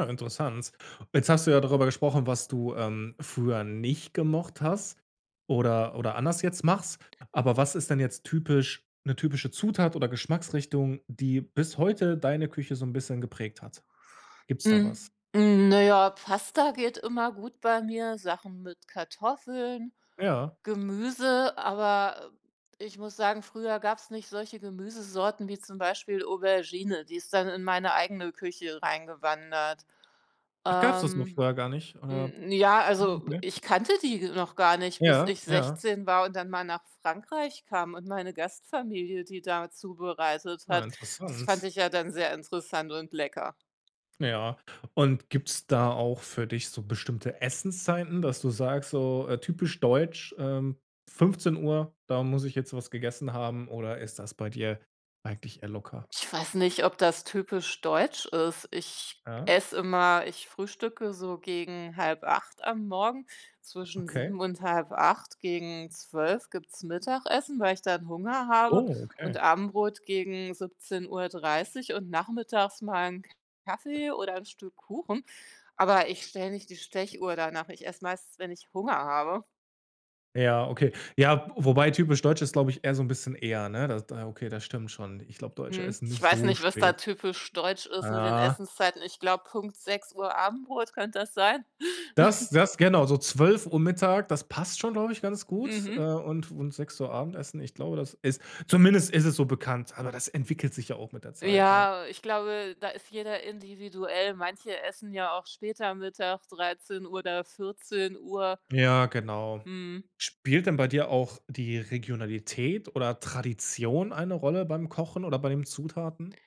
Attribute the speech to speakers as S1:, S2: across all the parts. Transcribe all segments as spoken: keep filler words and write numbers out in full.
S1: Äh, interessant. Jetzt hast du ja darüber gesprochen, was du, ähm, früher nicht gemocht hast oder oder anders jetzt machst, aber was ist denn jetzt typisch 'ne typische Zutat oder Geschmacksrichtung, die bis heute deine Küche so 'n bisschen geprägt hat? Gibt's da
S2: Hm,
S1: was?
S2: hm, naja, Pasta geht immer gut bei mir, Sachen mit Kartoffeln,
S1: Ja.
S2: Gemüse, aber ich muss sagen, früher gab's nicht solche Gemüsesorten wie zum Beispiel Aubergine, die ist dann in meine eigene Küche reingewandert.
S1: Ach, gab es das noch
S2: Ähm,
S1: früher gar nicht, äh?
S2: hm, ja,
S1: Hm,
S2: also
S1: okay.
S2: ich kannte die noch gar nicht, bis
S1: Ja.
S2: ich
S1: Ja.
S2: sechzehn war und dann mal nach Frankreich kam und meine Gastfamilie, die da zubereitet
S1: Ja,
S2: hat. Das fand
S1: interessant.
S2: ich ja dann sehr interessant und lecker.
S1: Ja, und gibt's da auch für dich so bestimmte Essenszeiten, dass du sagst, so, äh, typisch deutsch, ähm: „fünfzehn Uhr, da muss ich jetzt was gegessen haben“ oder ist das bei dir eigentlich eher locker?
S2: Ich weiß nicht, ob das typisch deutsch ist. Ich
S1: Ja.
S2: esse immer ich frühstücke so gegen halb acht am Morgen, zwischen
S1: Okay.
S2: sieben und halb acht, gegen zwölf gibt's Mittagessen, weil ich dann Hunger habe,
S1: Oh,
S2: und
S1: okay.
S2: Abendbrot gegen siebzehn Uhr dreißig und nachmittags mal 'n Kaffee oder 'n Stück Kuchen, aber ich stelle nicht die Stechuhr danach. Ich esse meistens, wenn ich Hunger habe.
S1: Ja, okay. Ja, wobei typisch deutsch ist, glaube ich, eher so 'n bisschen eher, ne, da da okay, das stimmt schon. Ich glaube, Deutsche
S2: Mhm,
S1: essen
S2: ich
S1: nicht
S2: weiß
S1: so
S2: nicht, was da
S1: spät.
S2: typisch deutsch ist mit den
S1: Ja.
S2: Essenszeiten. Ich glaube, Punkt sechs Uhr Abendbrot, könnte das sein?
S1: Das das genau, so zwölf Uhr Mittag, das passt schon, glaube ich, ganz gut, äh,
S2: Mhm.
S1: und und sechs Uhr Abendessen, ich glaube, das ist zumindest ist es so bekannt, aber das entwickelt sich ja auch mit der Zeit, ne?
S2: Ja, ich glaube, da ist jeder individuell. Manche essen ja auch später Mittag, dreizehn oder vierzehn Uhr.
S1: Ja, genau.
S2: Mhm.
S1: Spielt denn bei dir auch die Regionalität oder Tradition eine Rolle beim Kochen oder bei den Zutaten?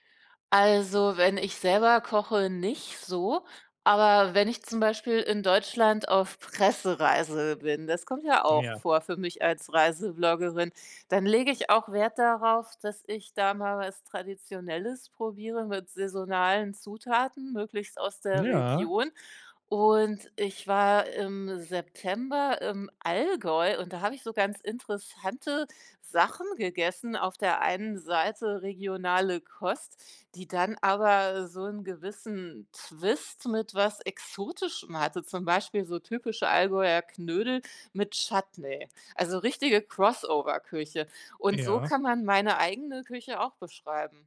S2: Also, wenn ich selber koche, nicht so, aber wenn ich zum Beispiel in Deutschland auf Pressereise bin das kommt ja
S1: Ja.
S2: auch vor für mich als Reisebloggerin, dann lege ich auch Wert darauf, dass ich da mal was Traditionelles probiere mit saisonalen Zutaten, möglichst aus der
S1: Ja.
S2: Region, und ich war im September im Allgäu und da habe ich so ganz interessante Sachen gegessen auf der einen Seite regionale Kost, die dann aber so 'n gewissen Twist mit was Exotischem hatte, zum Beispiel so typische Allgäuer Knödel mit Chutney, also richtige Crossover-Küche, und so
S1: Ja.
S2: kann man meine eigene Küche auch beschreiben.